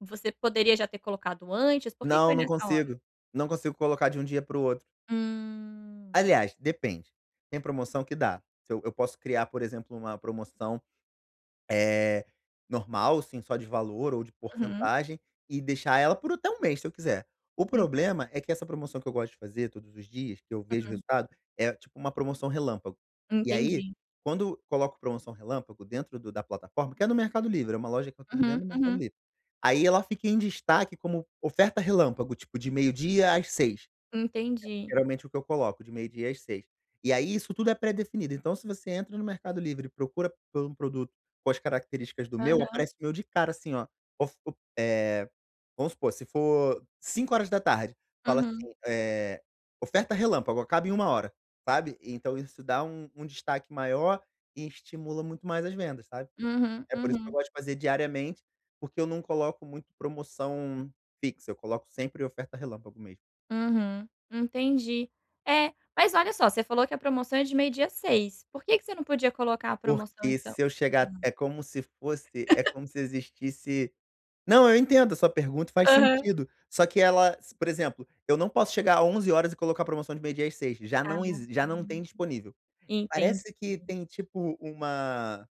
Você poderia já ter colocado antes? Por que que Não, foi não nessa hora? consigo, não consigo colocar de um dia para o outro. Hum. Aliás, depende: tem promoção que dá. Que eu eu posso criar, por exemplo, uma promoção, eh, normal, assim, só de valor ou de Uhum. porcentagem, e deixar ela por até 1 mês, se eu quiser. O Hum. problema é que essa promoção que eu gosto de fazer todos os dias, que eu vejo Uhum. resultado, é tipo uma promoção relâmpago. E aí, Entendi. quando coloco promoção relâmpago dentro do da plataforma, que é no Mercado Livre, é uma loja que eu tenho Uhum, dentro do Mercado uhum. Livre, aí ela fica em destaque como oferta relâmpago, tipo de meio-dia às 18:00. Entendi. Geralmente o que eu coloco, de meio-dia às 18:00. E aí, isso tudo é pré-definido, então, se você entra no Mercado Livre e procura por um produto com as características do meu, Aham. aparece o meu de cara, assim ó: of o eh, vamos supor, se for 17:00, fala Uhum. assim, eh: "Oferta relâmpago, acaba em uma hora", sabe. Então isso dá um um destaque maior e estimula muito mais as vendas, sabe. Uhum, É por isso que eu uhum. gosto de fazer diariamente, porque eu não coloco muito promoção fixa, eu coloco sempre oferta relâmpago mesmo. Uhum, entendi. É, mas olha só: você falou que a promoção é de meio-dia às 18:00, por que que você não podia colocar a promoção, Porque então? se eu Hã. chegar é como se fosse, é como se existisse não, eu entendo a sua pergunta, faz Aham. sentido, só que ela s por exemplo, eu não posso chegar 11:00 e colocar promoção de meio-dia às 18:00, já não exi já não tem disponível. [unintelligible] Entendi. Parece que tem tipo uma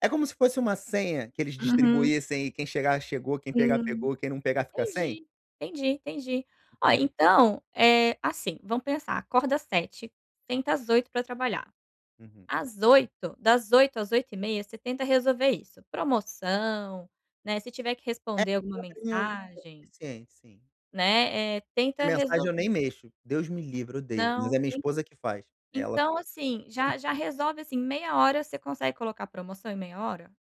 é como se fosse uma senha que eles Uhum. distribuíssem, e quem chegar chegou, quem pegar Hum. pegou e quem não pegar fica sem? Entendi, entendi, entendi. Ó, Entendeu? então, é assim, vamos pensar. Acorda 7:00, senta às 8:00 pra trabalhar. Uhum. Às 8:00 das 8:00 às 8:30, você tenta resolver isso, promoção, né, se tiver que É, responder alguma meia horinha é o [unintelligible] mensagem suficiente, sim. né, eh, É, tenta mensagem eu nem resolver. mexo, Deus me livra, odeio, mas Não, a minha en esposa que faz, é, ela então, faz assim, esse já troço. já resolve, assim, em meia hora, você consegue colocar promoção em meia hora?